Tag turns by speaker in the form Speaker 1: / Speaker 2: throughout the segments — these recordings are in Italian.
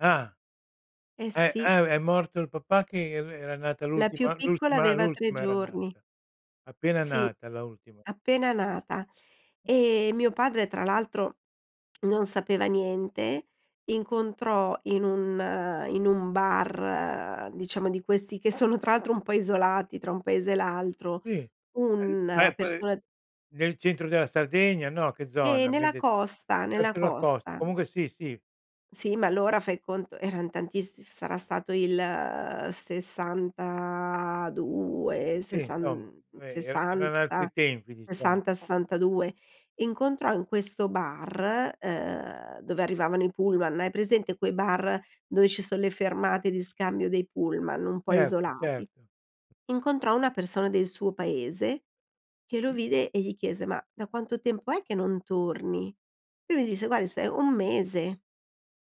Speaker 1: Ah.
Speaker 2: Eh,
Speaker 1: È
Speaker 2: sì.
Speaker 1: ah è morto il papà che e era nata
Speaker 2: La più
Speaker 1: l'ultima
Speaker 2: piccola
Speaker 1: l'ultima
Speaker 2: aveva 3
Speaker 1: l'ultima era
Speaker 2: giorni.
Speaker 1: nata. Appena
Speaker 2: Sì,
Speaker 1: nata la ultima.
Speaker 2: appena nata. E mio padre tra l'altro non sapeva niente, incontrò in un in un bar, diciamo di questi che sono tra l'altro un po' isolati tra un paese e l'altro,
Speaker 1: Sì. [unintelligible]
Speaker 2: un persona
Speaker 1: Nel centro della Sardegna, no, che
Speaker 2: Eh
Speaker 1: zona mi hai
Speaker 2: nella
Speaker 1: de
Speaker 2: costa, nella
Speaker 1: verso la costa.
Speaker 2: costa.
Speaker 1: Comunque sì, sì.
Speaker 2: Sì, ma allora fai conto, eran tantiss sarà stato il 62,
Speaker 1: Sì, insomma,
Speaker 2: sessan
Speaker 1: beh era erano
Speaker 2: 60,
Speaker 1: altri tempi diciamo.
Speaker 2: 60, 62. Incontrò in questo bar, ehm, dove arrivavano i pullman, hai presente quei bar dove ci son le fermate di scambio dei pullman, un po'
Speaker 1: Certo,
Speaker 2: isolati?
Speaker 1: certo.
Speaker 2: Incontrò una persona del suo paese che lo
Speaker 1: I
Speaker 2: vide e gli chiese: "Ma da quanto tempo è che non torni?" Lui gli disse: "Guardi se 1 mese".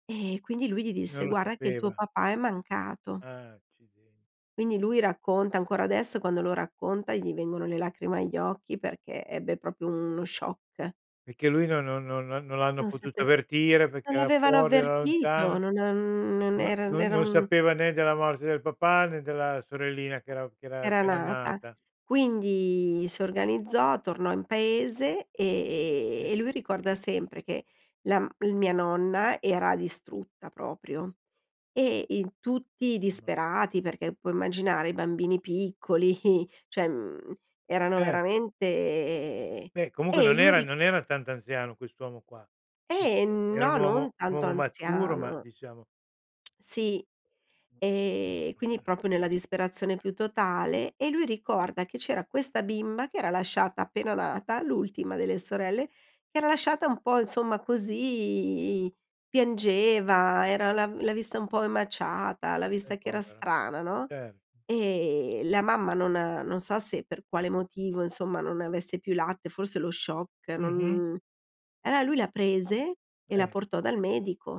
Speaker 2: E quindi lui gli
Speaker 1: Non
Speaker 2: disse:
Speaker 1: lo
Speaker 2: "Guarda che il tuo
Speaker 1: sapeva.
Speaker 2: papà è mancato".
Speaker 1: Ah acciden
Speaker 2: Quindi lui racconta ancora adesso, quando lo racconta gli vengono le lacrime agli occhi perché ebbe proprio uno shock.
Speaker 1: Perché lui non non non non non l'hanno
Speaker 2: Non
Speaker 1: potuta
Speaker 2: sape
Speaker 1: avvertire perché
Speaker 2: non
Speaker 1: era
Speaker 2: l'avevano
Speaker 1: fuori, era
Speaker 2: avvertito,
Speaker 1: lontano.
Speaker 2: no non non
Speaker 1: No
Speaker 2: era non
Speaker 1: non
Speaker 2: era
Speaker 1: non
Speaker 2: un
Speaker 1: sapeva né della morte del papà né della sorellina che era che era
Speaker 2: Era
Speaker 1: appena appena
Speaker 2: nata.
Speaker 1: nata.
Speaker 2: Quindi si organizzò, tornò in paese
Speaker 1: Eh.
Speaker 2: e e lui ricorda sempre che la m mia nonna era distrutta proprio. E i tutti
Speaker 1: [unintelligible]
Speaker 2: disperati, perché puoi immaginare i bambini piccoli, cioè, mhmm, erano
Speaker 1: Cer
Speaker 2: veramente.
Speaker 1: Beh comunque
Speaker 2: Eh,
Speaker 1: non
Speaker 2: lui
Speaker 1: era
Speaker 2: ri
Speaker 1: non era tanto anziano quest'uomo qua,
Speaker 2: Eh
Speaker 1: era un
Speaker 2: no, non
Speaker 1: uomo un
Speaker 2: tanto
Speaker 1: uomo maturo ma
Speaker 2: anziano.
Speaker 1: diciamo
Speaker 2: Sì. E quindi
Speaker 1: [unintelligible]
Speaker 2: proprio nella disperazione più totale. E lui ricorda che c'era questa bimba che era lasciata appena nata, l'ultima delle sorelle, era lasciata un po' insomma così, piangeva, era la l'ha vista un po' emaciata, l'ha
Speaker 1: Eh
Speaker 2: vista che era
Speaker 1: povera.
Speaker 2: strana, no,
Speaker 1: Certo.
Speaker 2: e la mamma non non so se per quale motivo insomma non avesse più latte, forse lo shock,
Speaker 1: Mh-mh.
Speaker 2: non eh lui la prese e la
Speaker 1: Eh.
Speaker 2: portò dal medico.